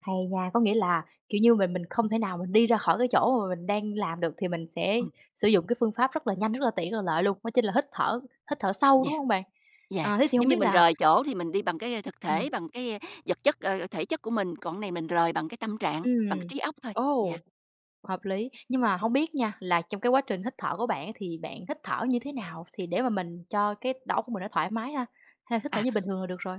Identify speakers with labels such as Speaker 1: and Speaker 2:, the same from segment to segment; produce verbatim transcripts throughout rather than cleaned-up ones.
Speaker 1: Hay nha! Có nghĩa là, kiểu như, mình mình không thể nào mình đi ra khỏi cái chỗ mà mình đang làm được, thì mình sẽ
Speaker 2: Ừm.
Speaker 1: sử dụng cái phương pháp rất là nhanh, rất là tiện, rất là lợi luôn, đó chính là hít thở, hít thở sâu, đúng
Speaker 2: Yeah,
Speaker 1: hông bạn?
Speaker 2: yeah.
Speaker 1: À, thế thì hông
Speaker 2: Giống như
Speaker 1: biết
Speaker 2: mình
Speaker 1: là
Speaker 2: rời chỗ thì mình đi bằng cái, ơ, thực
Speaker 1: Ừm.
Speaker 2: thể, bằng cái, ơ, vật chất, ờ, ờ, thể chất của mình, còn cái này mình rời bằng cái tâm trạng, bằng cái
Speaker 1: Ừm,
Speaker 2: trí óc thôi, yeah.
Speaker 1: ồ, hợp lý. Nhưng mà hông biết nha, là trong cái quá trình hít thở của bạn á thì bạn hít thở như thế nào thì để mà mình cho cái đầu óc của mình nó thoải mái ha? Hay hít thở
Speaker 2: À.
Speaker 1: như bình thường là được rồi?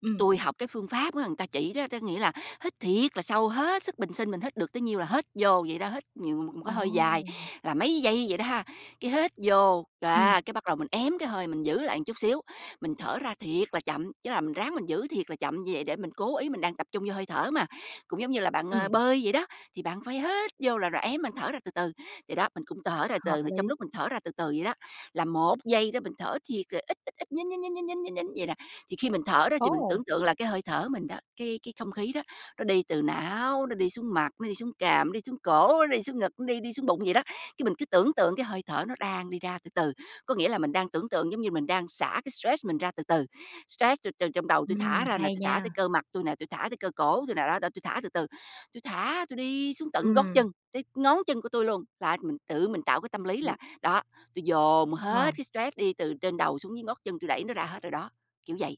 Speaker 1: Ừm.
Speaker 2: Tui học cái phương pháp á, người ta chỉ đó, đó nghĩa là hít thiệt là sâu hết sức bình sinh mình hít được tới nhiêu là hết vô vậy đó, hít nhiều một một cái hơi dài
Speaker 1: Ồ!
Speaker 2: là mấy giây vậy đó ha, cái hít vô. Đ
Speaker 1: Ừm.
Speaker 2: á, cái bắt đầu mình ém cái hơi mình giữ lại một chút xíu, mình thở ra thiệt là chậm, chứ là mình ráng mình giữ thiệt là chậm như vậy để mình cố ý, mình đang tập trung vô hơi thở mà. Cũng giống như là bạn,
Speaker 1: Ừm.
Speaker 2: à, bơi vậy đó, thì bạn phải hít vô là rồi ém, bạn thở ra từ từ vậy đó, mình cũng tở ra từ
Speaker 1: Hợp
Speaker 2: từ. Trong
Speaker 1: lý!
Speaker 2: lúc mình thở ra từ từ vậy đó, là một giây đó mình thở thiệt là ít, ít, ít, nhín, nhín, nhín, nhín, nhín, nhín, nhín vậy nè, thì khi mình thở đó thì mình
Speaker 1: Ồ!
Speaker 2: tưởng tượng là cái hơi thở của mình đó, cái cái không khí đó, nó đi từ não, nó đi xuống mặt, nó đi xuống cằm, nó đi xuống cổ, nó đi xuống ngực, nó đi đi xuống bụng vậy đó. Cái mình cứ tưởng tượng cái hơi thở nó đang đi ra từ từ, có nghĩa là mình đang tưởng tượng giống như mình đang xả cái stress mình ra từ từ. Stress tui từ trong đầu tui
Speaker 1: Ừm,
Speaker 2: thả ra nè,
Speaker 1: hay
Speaker 2: tui thả tới
Speaker 1: nha!
Speaker 2: cơ mặt tui nè, tui thả tới cơ cổ tui nè, đó, đó, tui thả từ từ, tui thả, tui đi xuống tận gót
Speaker 1: Ừm.
Speaker 2: chân, tới ngón chân của tui luôn. Là mình tự mình tạo cái tâm lý
Speaker 1: Ừm.
Speaker 2: là, đó, tui dồn
Speaker 1: À.
Speaker 2: hết cái stress đi từ trên đầu xuống dưới ngót chân, tui đẩy nó ra hết rồi đó, kiểu vậy,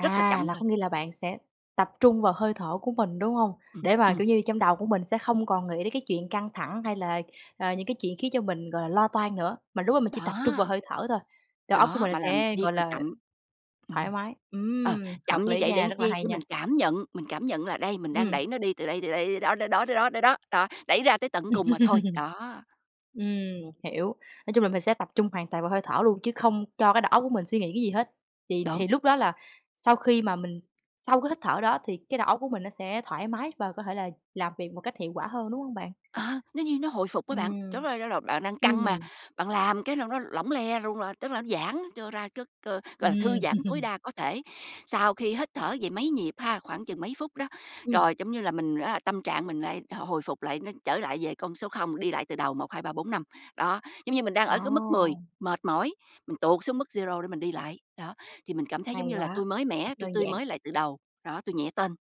Speaker 2: rất là chậm
Speaker 1: là
Speaker 2: thôi.
Speaker 1: có nghĩa là bạn sẽ tập trung vào hơi thở của mình, đúng hông?
Speaker 2: Ừm,
Speaker 1: Để mà,
Speaker 2: ừm.
Speaker 1: kiểu như, trong đầu của mình sẽ không còn nghĩ đến cái chuyện căng thẳng hay là, à, những cái chuyện khiến cho mình gọi là lo toan nữa mà lúc đó mình chỉ tập trung vào
Speaker 2: Đó.
Speaker 1: hơi thở thôi, đầu óc của
Speaker 2: Đó,
Speaker 1: mình nó
Speaker 2: mà làm
Speaker 1: sẽ,
Speaker 2: thiệt
Speaker 1: gọi
Speaker 2: là
Speaker 1: là,
Speaker 2: chậm,
Speaker 1: thoải
Speaker 2: ừm,
Speaker 1: mái.
Speaker 2: ờ,
Speaker 1: Ừm,
Speaker 2: chậm
Speaker 1: hợp
Speaker 2: như
Speaker 1: lý
Speaker 2: vậy để
Speaker 1: nha,
Speaker 2: làm
Speaker 1: rất là
Speaker 2: chi?
Speaker 1: hay
Speaker 2: Để
Speaker 1: nha.
Speaker 2: mình cảm nhận, mình cảm nhận là đây, mình đang
Speaker 1: Ừm.
Speaker 2: đẩy nó đi từ đây, từ đây đi đó, đó, đó, đó, đó, đó, đó, đó, đẩy ra tới tận cùng mà thôi, đó.
Speaker 1: Ừm, hiểu, nói chung là mình sẽ tập trung hoàn toàn vào hơi thở luôn, chứ không cho cái đầu óc của mình suy nghĩ cái gì hết, thì
Speaker 2: Đúng.
Speaker 1: thì lúc đó là sau khi mà mình sau cái hít thở đó, thì cái đầu óc của mình nó sẽ thoải mái và có thể là làm việc một cách hiệu quả hơn, đúng hông bạn?
Speaker 2: Ờ, nó như nó hồi phục á bạn,
Speaker 1: Ừm.
Speaker 2: chẳng qua chả là bạn đang căng mà,
Speaker 1: Ừm.
Speaker 2: bạn làm cái nâu nó lỏng le luôn là tức là nó giãn cho ra cất ơ, gọi là, thư
Speaker 1: Ừm.
Speaker 2: giãn tối đa có thể. Sau khi hít thở vậy mấy nhịp ha, khoảng chừng mấy phút đó,
Speaker 1: Ừm.
Speaker 2: rồi, giống như là, mình r a, tâm trạng mình lại hồi hồi phục lại nó trở lại về con số không, đi lại từ đầu một hai ba bốn năm đó, giống như mình đang ở cái mức mười,
Speaker 1: Ồ!
Speaker 2: mệt mỏi, mình tụt xuống mức zero để mình đi lại, đó, thì mình cảm thấy, giống
Speaker 1: Hay
Speaker 2: như là,
Speaker 1: quá!
Speaker 2: tui mới
Speaker 1: Rất
Speaker 2: mẻ, tui
Speaker 1: đơn
Speaker 2: tươi
Speaker 1: giản.
Speaker 2: mới lại từ đầu, đó, tui nhẹ tênh.